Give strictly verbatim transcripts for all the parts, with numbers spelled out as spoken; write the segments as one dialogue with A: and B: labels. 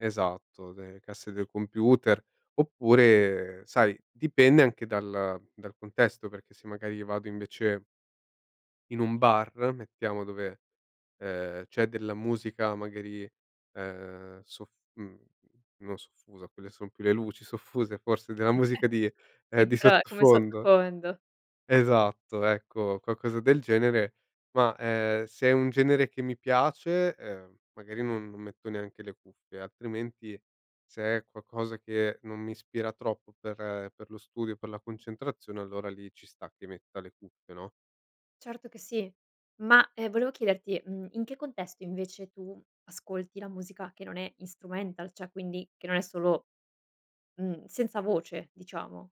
A: Esatto, de casse del computer oppure, sai dipende anche dal dal contesto, perché se magari vado invece in un bar, mettiamo dove, ehm, c'è della musica magari, ehm, sof mhmm, no soffusa, quelle son più le luci soffuse forse della musica di
B: [unintelligible]
A: ehm,
B: Sì,
A: di
B: però come
A: sottofondo.
B: sottofondo.
A: Esatto, ecco, qualcosa del genere, ma, ehm, se è un genere che mi piace, ehm, magari non non metto neanche le cuffie, altrimenti se è qualcosa che non mi ispira troppo per per lo studio, per la concentrazione, allora lì ci sta che metta le cuffie, no?
B: Certo che sì. Ma, ehm, volevo chiederti, mhmm, in che contesto invece tu ascolti la musica che non è instrumental, ceh quindi che non è solo mhmm, senza voce diciamo?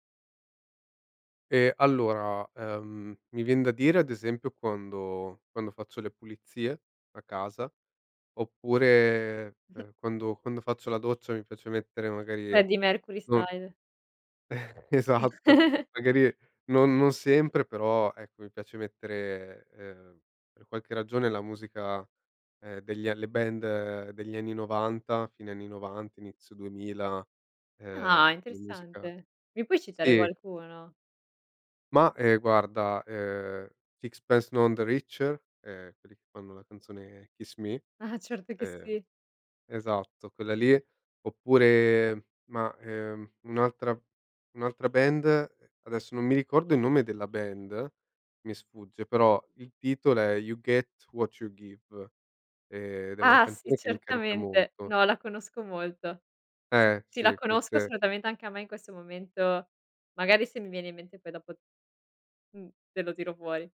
A: Ehm, allora, ehm, mi vien da dire ad esempio quando quando faccio le pulizie, a casa, oppure, ehm, quando quando faccio la doccia mi piace mettere magari,
B: Freddie Mercury
A: non
B: style.
A: Eh, esatto. Magari non non sempre però, ecco, mi piace mettere, ehm, per qualche ragione la musica, ehm, degli a le band degli anni novanta, fine anni novanta, inizio duemila,
B: Ah,
A: ehm, la musica
B: interessante. Mi puoi citare
A: sì.
B: qualcuno?
A: Mah, ehm, guarda, ehm, Sixpence None The Richer, ehm, quelli che fanno la canzone "Kiss Me".
B: Ah, certo che
A: Ehm,
B: sì.
A: esatto quella lì, oppure mah, ehm, un'altra un'altra band, ehm, adesso non mi ricordo il nome della band, mi sfugge, però il titolo è "You Get What You Give", ed è una
B: Ah sì,
A: canzone che mi carica
B: certamente.
A: molto.
B: No, la conosco molto. S
A: Eh,
B: sì, la
A: sì,
B: conosco,
A: queste
B: assolutamente, anche a me in questo momento magari se mi viene in mente poi dopo mh, te lo tiro fuori.